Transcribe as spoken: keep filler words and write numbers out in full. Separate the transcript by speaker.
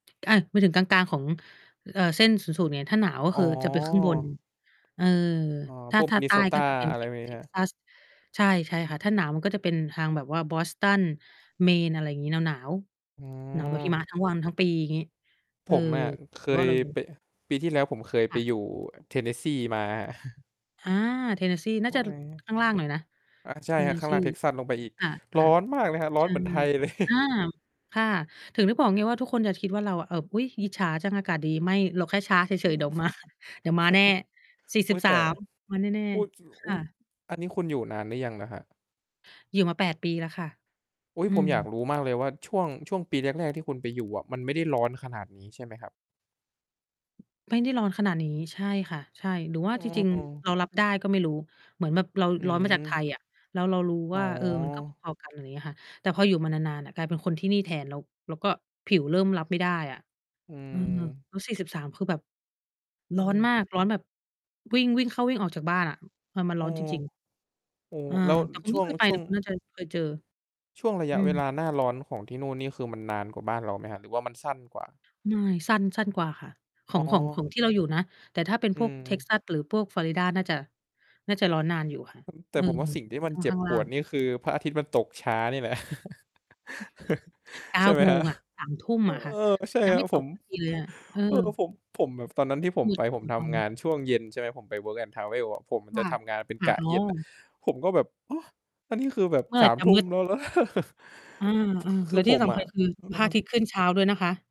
Speaker 1: อา หมายถึงกลาง ๆ ของ เอ่อ เส้นศูนย์สูตรเนี่ย ถ้าหนาวก็
Speaker 2: อ๋
Speaker 1: คือจะเป็นครึ่งบน
Speaker 2: อ
Speaker 1: เออ
Speaker 2: อ๋อ
Speaker 1: ถ้
Speaker 2: พ
Speaker 1: า
Speaker 2: วก
Speaker 1: ถ้าใต้
Speaker 2: Minnesota
Speaker 1: ก็จะเป็น
Speaker 2: อะไรพ
Speaker 1: Tex
Speaker 2: วกนี้ใช่ไหมครับ?
Speaker 1: Texas ใช่ ใช่ค่ะ ถ้าหนาวมันก็จะเป็นทางแบบว่า Boston, Maine อะไรงี้ หนาว
Speaker 2: อ๋
Speaker 1: ๆ หนาวแบบหิม
Speaker 2: อ
Speaker 1: ะทั้งวันทั้งปี งี้ เ
Speaker 2: ผ
Speaker 1: ออ
Speaker 2: มอะ เค
Speaker 1: เพราะ ว่า
Speaker 2: ย
Speaker 1: เราอยู่
Speaker 2: ไป ปีที่แล้วผมเคย
Speaker 1: ค
Speaker 2: ไป
Speaker 1: ่ะ
Speaker 2: อยู่ Tennessee มา
Speaker 1: อา Tennessee น
Speaker 2: พ
Speaker 1: ่าจ
Speaker 2: วก
Speaker 1: ะ
Speaker 2: อะไ
Speaker 1: ล
Speaker 2: รเงี้ย
Speaker 1: ข้างล่างหน่อยนะ
Speaker 2: อะ ใช่ครับ ข้างล่าง
Speaker 1: Tennessee
Speaker 2: Texas ลงไปอีก
Speaker 1: ค่ะ
Speaker 2: ร
Speaker 1: ค
Speaker 2: ้อ
Speaker 1: ่ะ
Speaker 2: นมากเลยครับ ร้
Speaker 1: ใ
Speaker 2: อ
Speaker 1: ช
Speaker 2: น
Speaker 1: ่
Speaker 2: เหมือนไทยเลย
Speaker 1: อา ค่ะ ถึงนึกบอกไงว่า ทุกคนอย่าคิดว่าเราอะ เอ่อ "อุ๊ย อิจฉาจัง อากาศดี" ไม่ เราแค่ช้าเ
Speaker 2: อื
Speaker 1: ฉ
Speaker 2: ม
Speaker 1: ย ๆ เดี๋ยว มา เดี๋ยวมาแน่ สี่ส
Speaker 2: อุ
Speaker 1: ิ
Speaker 2: ๊
Speaker 1: บ
Speaker 2: ย
Speaker 1: ส
Speaker 2: แต
Speaker 1: า
Speaker 2: ่
Speaker 1: ม มาแน่
Speaker 2: พูดอยู่
Speaker 1: ๆ ค
Speaker 2: อุ๊
Speaker 1: ่
Speaker 2: ย
Speaker 1: ะ
Speaker 2: อันนี้คุณอยู่นานหรือยังนะครับ?
Speaker 1: อยู่มา แปด ปีแล้วค่ะ
Speaker 2: อุ๊ย!
Speaker 1: อื
Speaker 2: ผมอยาก
Speaker 1: ม
Speaker 2: รู้มากเลยว่าช่วง ช่วงปีแรก ๆ ที่คุณไปอยู่อะ มันไม่ได้ร้อนขนาดนี้ ใช่ไหมครับ?
Speaker 1: ไม่ได้ร้อนขนาดนี้ ใช่ค่ะ ใช่ หรือว่
Speaker 2: อ
Speaker 1: า
Speaker 2: ้
Speaker 1: จริง ๆ
Speaker 2: อ
Speaker 1: เรารับได้ก็ไม่รู้ เหมือนแบบเรา
Speaker 2: อื
Speaker 1: ร้อนมาจากไท
Speaker 2: ม
Speaker 1: ยอะ แล้วเรารู้
Speaker 2: อ๋
Speaker 1: ว
Speaker 2: อ
Speaker 1: ่า เออ มันก็พอ ๆ กัน อย่างนี้ค่ะ แต่พออยู่มานาน ๆ น่ะกลายเป็นคนที่นี่แทน แล้ว แล้วก็ผิวเริ่มรับไม่ได้อะ
Speaker 2: อื
Speaker 1: อือ แล้ว สี่
Speaker 2: ม
Speaker 1: สิบสาม คือแบบ ร
Speaker 2: อื
Speaker 1: ้อนม
Speaker 2: ม
Speaker 1: าก ร้อนแบบ วิ่ง วิ่งเข้าวิ่งออกจากบ้านอะ เออ มัน
Speaker 2: เอ
Speaker 1: ร
Speaker 2: อ
Speaker 1: ้อนจริง
Speaker 2: โอ้โฮ
Speaker 1: ๆ อา
Speaker 2: แล้ว
Speaker 1: แต่คุณ
Speaker 2: ช
Speaker 1: ไม
Speaker 2: ่ว
Speaker 1: ่เ
Speaker 2: ง
Speaker 1: คยไป
Speaker 2: ช
Speaker 1: เ
Speaker 2: ่
Speaker 1: หร
Speaker 2: ว
Speaker 1: อ?
Speaker 2: ง
Speaker 1: คุณน่าจะเคย เจอ
Speaker 2: ช่วงระย
Speaker 1: อ
Speaker 2: ะ
Speaker 1: ื
Speaker 2: เวล
Speaker 1: ม
Speaker 2: าหน้าร้อนของที่นู่นนี่คือมันนานกว่าบ้านเราไหมครับหรือว่ามันสั้นกว่า?
Speaker 1: ไม่ สั้น สั้นกว่าค่ะ ขอ
Speaker 2: อ๋
Speaker 1: ง ของ ขอ
Speaker 2: อ
Speaker 1: งที่ เราอยู่นะ แต่ถ้าเป็น
Speaker 2: อื
Speaker 1: พวก
Speaker 2: ม
Speaker 1: Texas หรือพวก Florida น่าจะ น่าจะร้อนนานอยู่ค่ะ
Speaker 2: แต่
Speaker 1: อื
Speaker 2: ผม
Speaker 1: ม
Speaker 2: ว่าสิ่งที่มั
Speaker 1: ข
Speaker 2: น
Speaker 1: ้าง
Speaker 2: เจ็
Speaker 1: ข้
Speaker 2: บ
Speaker 1: างล
Speaker 2: ป
Speaker 1: ่า
Speaker 2: วด
Speaker 1: ง
Speaker 2: เนี่ยคือพระอาทิตย์มันตกช้านี่แหละ
Speaker 1: เก้
Speaker 2: ใ
Speaker 1: า
Speaker 2: ช่ไหม
Speaker 1: โม
Speaker 2: ครั
Speaker 1: ง
Speaker 2: บ?
Speaker 1: อะ สามทุ่ม อะค่
Speaker 2: เ
Speaker 1: ะ
Speaker 2: ออ ใช่
Speaker 1: ยัง
Speaker 2: ค
Speaker 1: ไ
Speaker 2: ร
Speaker 1: ม
Speaker 2: ั
Speaker 1: ่
Speaker 2: บ
Speaker 1: ต
Speaker 2: ผ
Speaker 1: ก
Speaker 2: ม
Speaker 1: ดินเลยอะ เออ
Speaker 2: เออ ผม ผมแบบ ตอนนั้นที่ผ
Speaker 1: ม
Speaker 2: ม
Speaker 1: ื
Speaker 2: ไ
Speaker 1: ด
Speaker 2: ป
Speaker 1: เอา
Speaker 2: ผมท
Speaker 1: ตอ
Speaker 2: ำง
Speaker 1: น
Speaker 2: านช่วงเย็น ใช่ไหม ผมไป Work and Travel อะ ผม
Speaker 1: ค
Speaker 2: จะ
Speaker 1: ่ะ
Speaker 2: ทำงานเป็น
Speaker 1: ค่
Speaker 2: ก
Speaker 1: ะ
Speaker 2: ะ
Speaker 1: อ๋อ
Speaker 2: เย็นน่ะ ผมก็แบบ โอ้! อันนี้คือแบบ
Speaker 1: เมื่อ
Speaker 2: ส
Speaker 1: ไร
Speaker 2: าม
Speaker 1: จะ
Speaker 2: ทุ
Speaker 1: ม
Speaker 2: ่
Speaker 1: ื
Speaker 2: ม
Speaker 1: ด?
Speaker 2: แล้วเหรอ?
Speaker 1: อา
Speaker 2: ค
Speaker 1: ๆ แล
Speaker 2: ื
Speaker 1: ้
Speaker 2: อ
Speaker 1: วท
Speaker 2: ผ
Speaker 1: ี่
Speaker 2: ม
Speaker 1: ส
Speaker 2: อ
Speaker 1: ำคั
Speaker 2: ะ
Speaker 1: ญคือ
Speaker 2: อื
Speaker 1: พระอาทิ
Speaker 2: อ
Speaker 1: ตย์ขึ้นเช้าด้วยนะคะ